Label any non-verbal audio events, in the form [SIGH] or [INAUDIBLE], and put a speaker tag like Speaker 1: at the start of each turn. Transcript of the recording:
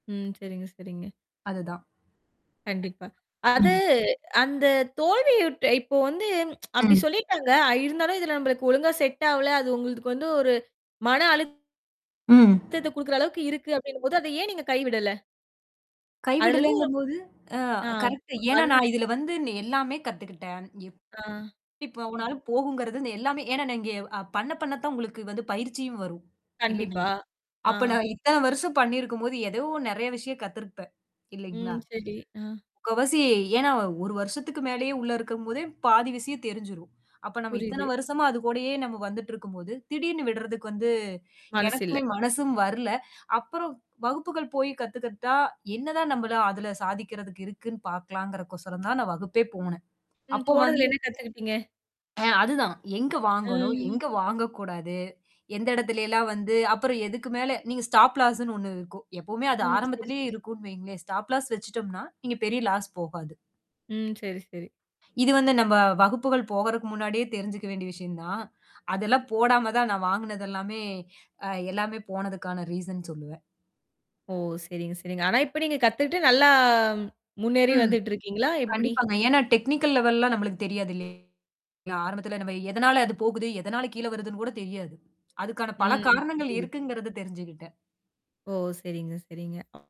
Speaker 1: ம். செரிங்க, செரிங்க.
Speaker 2: அதுதான்.
Speaker 1: கண்டிப்பா. அது
Speaker 2: ம்.
Speaker 1: அந்த தோல்வியுற் இப்போ வந்து [TSK] அப்படி
Speaker 2: ம்.
Speaker 1: சொல்லிட்டாங்க ஆ, இருந்தாலும், இதுல நம்மளுக்கு ஒழுங்கா செட் ஆவல. அது உங்களுக்கு வந்து ஒரு மன
Speaker 2: ம்.
Speaker 1: அழுத்தத்த குடுக்குற அளவுக்கு இருக்கு அப்படினும்போது, அத ஏன் நீங்க கைவிடல? அதுலருந்து ஒரு
Speaker 2: கைவிடலங்கும்போது, ஆ
Speaker 1: ஆ,
Speaker 2: கரெக்ட்டு. ஏன்னா, நான்
Speaker 1: அதுதான்.
Speaker 2: இதல வந்து நா எல்லாமே கத்துக்கிட்டேன் எப்
Speaker 1: ஆ.
Speaker 2: எப்பவேனாலும் போகுங்கறது எல்லாமே. ஏன்னா இங்க, பண்ண பண்ண தான் உங்களுக்கு வந்து பயிற்சியும் வரும், இல்லைங்களா?
Speaker 1: கண்டிப்பா.
Speaker 2: அப்ப,
Speaker 1: ஆ.
Speaker 2: நான் இத்தன வருஷம் பண்ணியிருக்கும்போது, ஏதோ நெறைய விஷயம் கத்திருப்பேன், இல்லைங்களா?
Speaker 1: ம். செரி. ஆ.
Speaker 2: முக்காவாசி, ஏன்னா ஒரு வருஷத்துக்கு மேலேயே உள்ள இருக்கும்போதே, பாதி விஷயம் தெரிஞ்சிரும். அப்ப, நம்ம இத்தன
Speaker 1: புரியுது.
Speaker 2: வருஷமா அது கூடயே நம்ம வந்துட்டு இருக்கும்போது, திடீர்னு விடுறதுக்கு வந்து
Speaker 1: மனசு
Speaker 2: எனக்குமே
Speaker 1: இல்ல.
Speaker 2: மனசும் வரல. அப்புறம், வகுப்புகள் போய் கத்துகிட்ட என்னதான் நம்மள அதல சாதிக்கறதுக்கு இருக்குன்னு பாக்கலாங்கறகு கோசரம் தான் நான் வகுப்பே போனேன்.
Speaker 1: ம்,
Speaker 2: அப்போ வந்து
Speaker 1: போனதுல என்ன கத்துக்கிட்டீங்க?
Speaker 2: ஆ, அதுதான். எங்கு வாங்கணும்,
Speaker 1: ம்.
Speaker 2: எங்க வாங்கக்கூடாது? எந்த இடத்துல எல்லாம் வந்து, அப்புறம் எதுக்கு மேல நீங்க ஸ்டாப் லாஸ் -ன்னு ஒண்ணு இருக்கும். எப்பவுமே அது
Speaker 1: ம். செரி,
Speaker 2: ஆரம்பத்திலேயே
Speaker 1: செரி.
Speaker 2: இருக்குன்னு வைங்களேன். ஸ்டாப் லாஸ் வெச்சுட்டோம்னா, நீங்க பெரிய லாஸ் போகாது.
Speaker 1: ம். செரி, செரி.
Speaker 2: இது வந்து நம்ப வகுப்புகள் போகறக்கு முன்னாடியே தெரிஞ்சுக்க வேண்டிய விஷயம் தான். அதெல்லாம் போடாம தான் நான் வாங்குனதெல்லாமே, ஆ, எல்லாமே போனதுக்கான ரீசன் சொல்லுவேன்.
Speaker 1: ஓ! செரிங்க, செரிங்க. ஆனா, இப்ப நீங்க கத்துக்கட்டு நல்லா முன்னேறி
Speaker 2: ம்.
Speaker 1: வந்துட்டு இருக்கீங்களா? எப்படி?
Speaker 2: கண்டிப்பாங்க. ஏன்னா, டெக்னிக்கல் லெவல் எல்லாம் நம்மளுக்கு தெரியாது இல்லயா? இல்ல, ஆரம்பத்தில நம்ம எதனால அது போகுது, எதனால கீழ வருதுன்னு கூட தெரியாது. அதுக்கான பல
Speaker 1: ம்.
Speaker 2: காரணங்கள்
Speaker 1: புரியுது, புரியுது.
Speaker 2: இருக்குங்கிறது தெரிஞ்சுகிட்டேன்.
Speaker 1: ஓ! செரிங்க, செரிங்க. ம்